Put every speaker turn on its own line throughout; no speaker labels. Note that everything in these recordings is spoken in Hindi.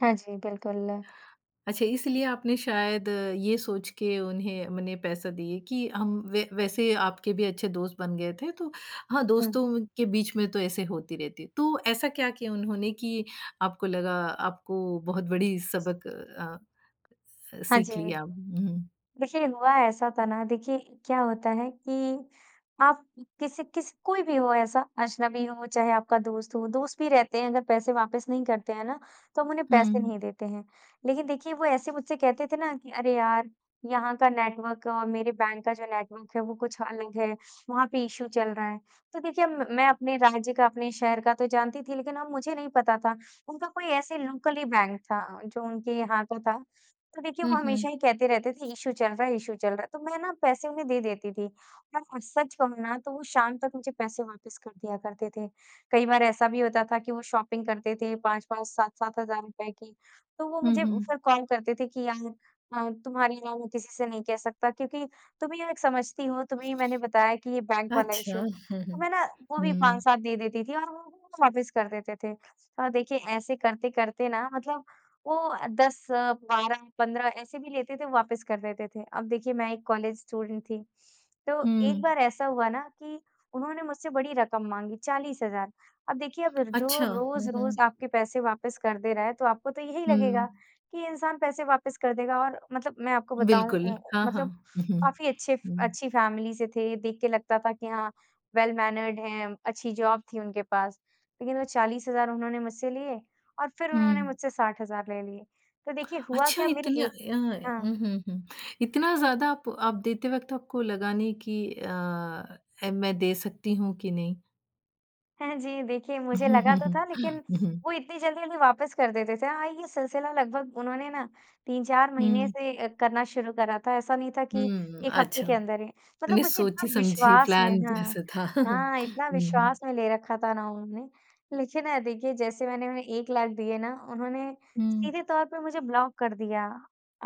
हाँ जी, बिल्कुल।
अच्छा इसलिए आपने शायद ये सोच के उन्हें उन्हें पैसा दिए कि हम व वैसे आपके भी अच्छे दोस्त बन गए थे तो हाँ,
हुँ।
दोस्तों के बीच में तो ऐसे होती रहती है। तो ऐसा क्या किया उन्होंने कि आपको लगा आपको बहुत बड़ी सबक अ,
हाँ जी।
सीख लिया? हुँ।
देखिए, हुआ ऐसा था ना देखिए क्या होता है कि, आप किसी किस कोई भी हो ऐसा अजनबी हो, चाहे आपका दोस्त हो दोस्त भी रहते हैं अगर पैसे वापस नहीं करते हैं ना, तो हम उन्हें पैसे
हुँ।
नहीं देते हैं। लेकिन देखिए वो ऐसे मुझसे कहते थे ना, कि "अरे यार! यहाँ का नेटवर्क और मेरे बैंक का जो नेटवर्क है वो कुछ अलग है।" वहाँ पे इशू चल रहा है। तो देखिए मैं अपने राज्य का अपने शहर का तो जानती थी लेकिन अब मुझे नहीं पता था उनका कोई ऐसे लोकल ही बैंक था जो उनके यहाँ पे था। तो देखिए
हुँ,
वो
हुँ।
हमेशा ही कहते रहते थे इशू चल रहा है इशू चल रहा है। तो मैं ना पैसे उन्हें दे देती थी, और सच कहूँ ना तो वो शाम तक मुझे पैसे वापस कर दिया करते थे। कई बार ऐसा भी होता था कि वो शॉपिंग करते थे 5-5 7-7 हज़ार रुपये की, तो वो
हुँ,
मुझे
हुँ।
फिर कॉल करते थे कि यार अ, तुम्हारे अलावा मैं किसी से नहीं कह सकता क्योंकि तुम ही एक समझती हो, तुम्हें ही मैंने बताया कि ये बैंक वाला
अच्छा।
इशू। तो मैं ना वो भी
हुँ।
5-7 दे देती थी और वो वापस कर देते थे। और देखिए ऐसे करते-करते ना मतलब वो 10-12-15 ऐसे भी लेते थे वापस कर देते थे। अब देखिए मैं एक कॉलेज स्टूडेंट थी, तो एक
हुँ।
बार ऐसा हुआ ना कि उन्होंने मुझसे बड़ी रकम माँगी 40,000 अब देखिए अब जो
अच्छा। हुँ, हुँ।
रोज़-रोज़ आपके पैसे वापस कर दे रहा है तो आपको तो यही लगेगा
हुँ।
कि इंसान पैसे वापस कर देगा। और मतलब मैं आपको बताऊँ
बिल्कुल।
उम,
हाँ, हाँ।
मतलब काफ़ी अच्छे
हुँ।
अच्छी फैमिली से थे। देख के लगता था कि हाँ वेल मैनर्ड हैं अच्छी जॉब थी उनके पास। लेकिन वो 40,000 उन्होंने मुझसे लिए, और फिर उन्होंने
हुँ।
मुझसे 60,000 ले लिए। तो देखिए हुआ
अच्छा
क्या मेरी
इतना
एक
अ,
हाँ।
हुँ, हुँ। इतना ज़्यादा आप आप देते वक़्त आपको लगा नहीं कि अ, मैं दे सकती हूँ कि नहीं?
हाँ जी, देखिए मुझे
हुँ,
लगा तो
हुँ।
था लेकिन, वो इतनी जल्दी-जल्दी वापस कर देते थे। हाँ ये सिलसिला लगभग उन्होंने ना 3-4 महीने
हुँ।
से करना शुरू करा था, ऐसा नहीं था कि
हुँ,
1 हफ्ते
अच्छा।
के अंदर ही। मतलब
मने
मुझे इतना
सोची समझी
विश्वास में
प्लान
हाँ,
जैसा था
हाँ! इतना
हुँ।
विश्वास में ले रखा था ना उन्होंने लेकिन ना देखिए जैसे मैंने उन्हें 1 लाख दिए ना उन्होंने
हुँ।
सीधे तौर पे मुझे ब्लॉक कर दिया।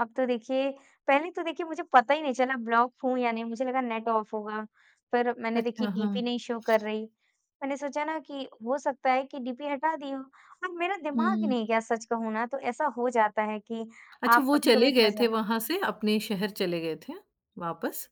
अब तो देखिए पहले तो देखिए मुझे पता ही नहीं चला ब्लॉक हूँ या नहीं, मुझे लगा नेट ऑफ होगा पर मैंने
अच्छा,
देखिए
हाँ।
डीपी नहीं शो कर रही। मैंने सोचा ना कि हो सकता है कि डीपी हटा दी हो। और मेरा दिमाग ही
हुँ।
नहीं गया सच कहूँ ना तो ऐसा हो जाता है कि
अच्छा
आप
वो चले
कभी-कभी
गए
फँस
थे
जाते
वहाँ से, अपने शहर चले गए थे, वापस?